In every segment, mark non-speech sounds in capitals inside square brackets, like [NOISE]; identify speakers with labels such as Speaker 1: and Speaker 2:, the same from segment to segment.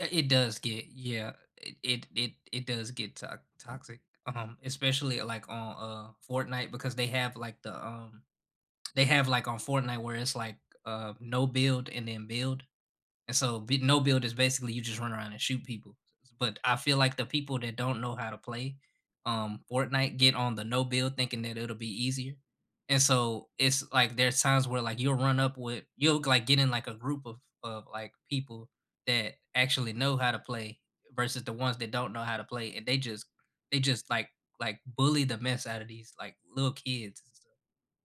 Speaker 1: Eh, it does get yeah, eh, it it it does get to toxic, um, especially, like, on, uh, Fortnite because they have, like, the, um they have, like, on Fortnite where it's, like, uh, no-build and then build. And so b no-build is basically you just run around and shoot people, s s but, I feel like the people that don't know how to play, um, Fortnite get on the no-build thinking that it'll be easier. And so, it's, like, there's times where, like, you'll run up with you'll g like, get in, like, a group of of, like, people that actually know how to play, versus the ones that don't know how to play, and they just they just, like like bully the mess out of these, like, little kids.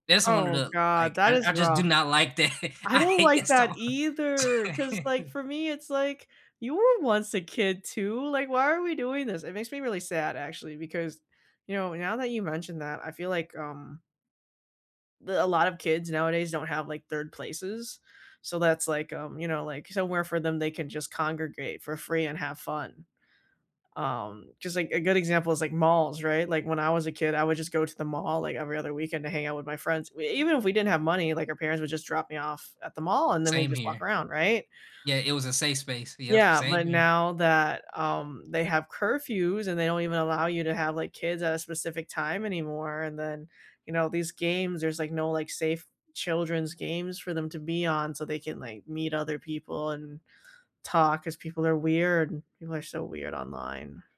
Speaker 1: That's one of
Speaker 2: Oh
Speaker 1: the
Speaker 2: god,
Speaker 1: like,
Speaker 2: that
Speaker 1: I
Speaker 2: is
Speaker 1: I just do
Speaker 2: rough.
Speaker 1: not like that,
Speaker 2: I
Speaker 1: I
Speaker 2: don't
Speaker 1: hate
Speaker 2: like
Speaker 1: that
Speaker 2: that
Speaker 1: song.
Speaker 2: either, 'cause, like,
Speaker 1: [LAUGHS]
Speaker 2: for me it's, like, you were once a kid too, like, "Why are we doing this?" It makes me really sad actually, because, you know, now that you mentioned that, I feel like, um d a lot of kids, nowadays don't have, like, 3rd places, so that's like, um, you know, like, somewhere for them they can just congregate for free and have fun. Um, just like, a good example is like malls, right, like, when I was a kid, I would just go to the mall, like, every other weekend to hang out with my friends, w even if we didn't have money, like, our parents would just drop me off at the mall and then we
Speaker 1: Same
Speaker 2: just walk
Speaker 1: here.
Speaker 2: around, right?
Speaker 1: Yeah, it was a safe space yep,
Speaker 2: Yeah,
Speaker 1: same
Speaker 2: but
Speaker 1: here.
Speaker 2: now that, um, they have curfews and they don't even allow you to have, like, kids at a specific time anymore, and then, you know, these games, there's, like, no, like, safe children's games for them to be on, so they can, like, meet other people and talk 'cause people are weird and people are so weird online.